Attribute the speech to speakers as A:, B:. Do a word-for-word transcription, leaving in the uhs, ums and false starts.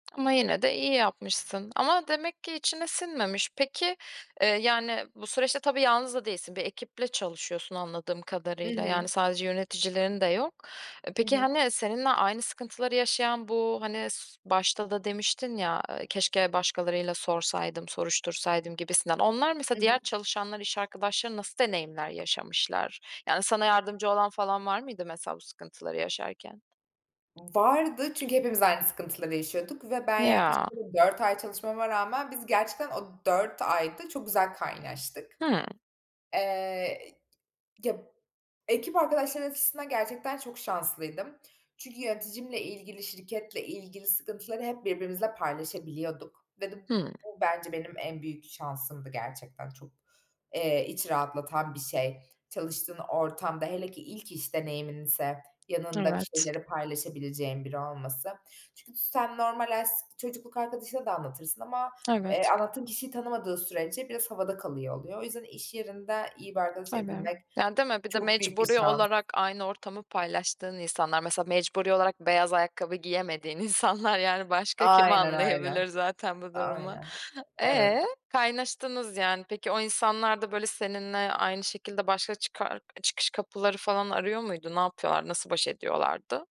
A: Ama yine de iyi yapmışsın. Ama demek ki içine sinmemiş. Peki, eee, yani, bu süreçte tabii yalnız da değilsin, bir ekiple çalışıyorsun, anladığım
B: I
A: kadarıyla. Yani,
B: hı.
A: sadece yöneticilerin de yok. Eee,
B: Hı
A: peki,
B: hı.
A: hani, seninle aynı sıkıntıları yaşayan, bu, hani, başta da demiştin ya, eee, "Keşke başkalarına da sorsaydım, soruştursaydım." gibisinden. Onlar mesela,
B: I
A: diğer
B: hı.
A: çalışanlar, iş arkadaşların nasıl deneyimler yaşamışlar? Yani, sana yardımcı olan falan var mıydı, mesela, bu sıkıntıları yaşarken?
B: Vardı çünkü hepimiz aynı sıkıntıları yaşıyorduk ve ben yaklaşık
A: Ya.
B: orada dört ay çalışmama rağmen biz gerçekten o dört ayda çok güzel kaynaştık.
A: Hımm.
B: Eee, ı ya ekip arkadaşlarım açısından gerçekten çok şanslıydım. Çünkü yöneticimle ilgili, şirketle ilgili sıkıntıları hep birbirimizle paylaşabiliyorduk ve de
A: Hımm.
B: bu bence benim en büyük şansımdı. Gerçekten çok, eee, iç rahatlatan bir şey çalıştığın ortamda. Hele ki ilk iş deneyiminse yanında bir
A: Evet.
B: şeyleri paylaşabileceğin biri olması. Çünkü sen normal [unintelligible] çocukluk arkadaşına da anlatırsın ama, eee,
A: Evet.
B: anlattığın kişiyi tanımadığı sürece biraz havada kalıyor, oluyor. O yüzden iş yerinde iyi bir arkadaş
A: Tabii.
B: edinmek
A: Yani, değil mi? Bir de
B: çok büyük bir
A: mecburi
B: şans.
A: olarak aynı ortamı paylaştığın insanlar, mesela, mecburi olarak beyaz ayakkabı giyemediğin insanlar. Yani, başka kim
B: Aynen öyle.
A: anlayabilir zaten bu durumu?
B: Aynen, evet.
A: Eee, kaynaştınız, yani. Peki, o insanlar da, böyle, seninle aynı şekilde başka çıkar çıkış kapıları falan arıyor muydu? Ne yapıyorlar, nasıl baş ediyorlardı?